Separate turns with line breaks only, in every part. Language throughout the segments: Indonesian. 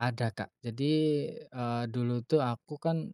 Ada kak, jadi, eee, dulu tuh aku kan,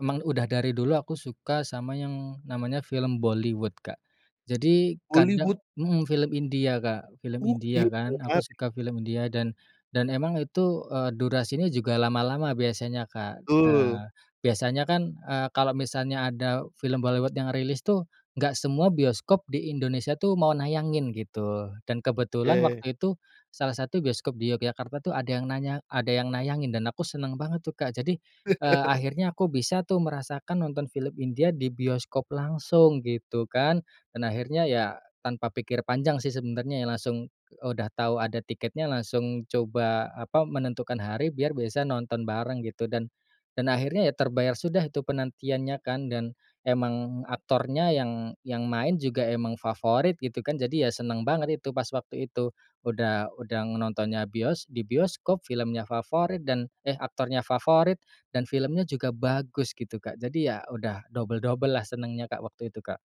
emang udah dari dulu aku suka sama yang namanya film Bollywood Kak, jadi
Bollywood.
kadang mhm film India Kak, film
Oh
India
gitu,
kan aku
Kak.
suka film India, dan dan emang itu, eee, durasinya juga lama-lama biasanya, Kak.
Betul.
Eee, biasanya kan, eee, kalau misalnya ada film Bollywood yang rilis tuh nggak semua bioskop di Indonesia tuh mau nayangin gitu, dan kebetulan
Oke.
waktu itu salah satu bioskop di Yogyakarta tuh ada yang nanya ada yang nayangin dan aku seneng banget tuh Kak jadi, eee, akhirnya aku bisa tuh merasakan nonton film India di bioskop langsung gitu kan, dan akhirnya ya tanpa pikir panjang sih sebenarnya ya langsung udah tahu ada tiketnya, langsung coba apa, menentukan hari biar bisa nonton bareng gitu dan dan akhirnya ya terbayar sudah itu penantiannya kan, dan emang aktornya yang yang main juga emang favorit gitu kan, jadi ya seneng banget itu pas waktu itu, udah udah nontonnya bios di bioskop, filmnya favorit dan eh aktornya favorit dan filmnya juga bagus gitu Kak jadi ya udah double-double lah senengnya Kak waktu itu, Kak.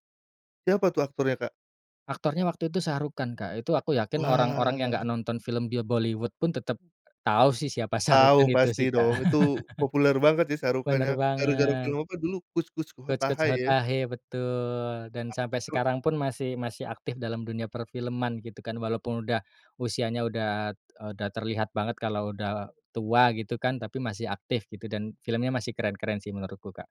Siapa tuh aktornya, Kak?
Aktornya waktu itu Shah Rukh Khan Kak, itu aku yakin orang-orang yang
Wah.
gak nonton film bil Bollywood pun tetap tahu sih siapa Shah Rukh
Tahu
Khan itu
pasti
sih, Kak.
dong, itu populer banget sih Shah Rukh Khan
Bener
ya. Gara-gara film
banget.
apa dulu? Kuch Kuch
Kuch
Hota
Kuch
Hai, ya.
Hota Hai, betul Dan sampai
[unintelligible]
sekarang pun masih masih aktif dalam dunia perfilman gitu kan, walaupun udah usianya udah, eee, udah terlihat banget kalau udah tua gitu kan, tapi masih aktif gitu dan filmnya masih keren-keren sih menurutku, Kak.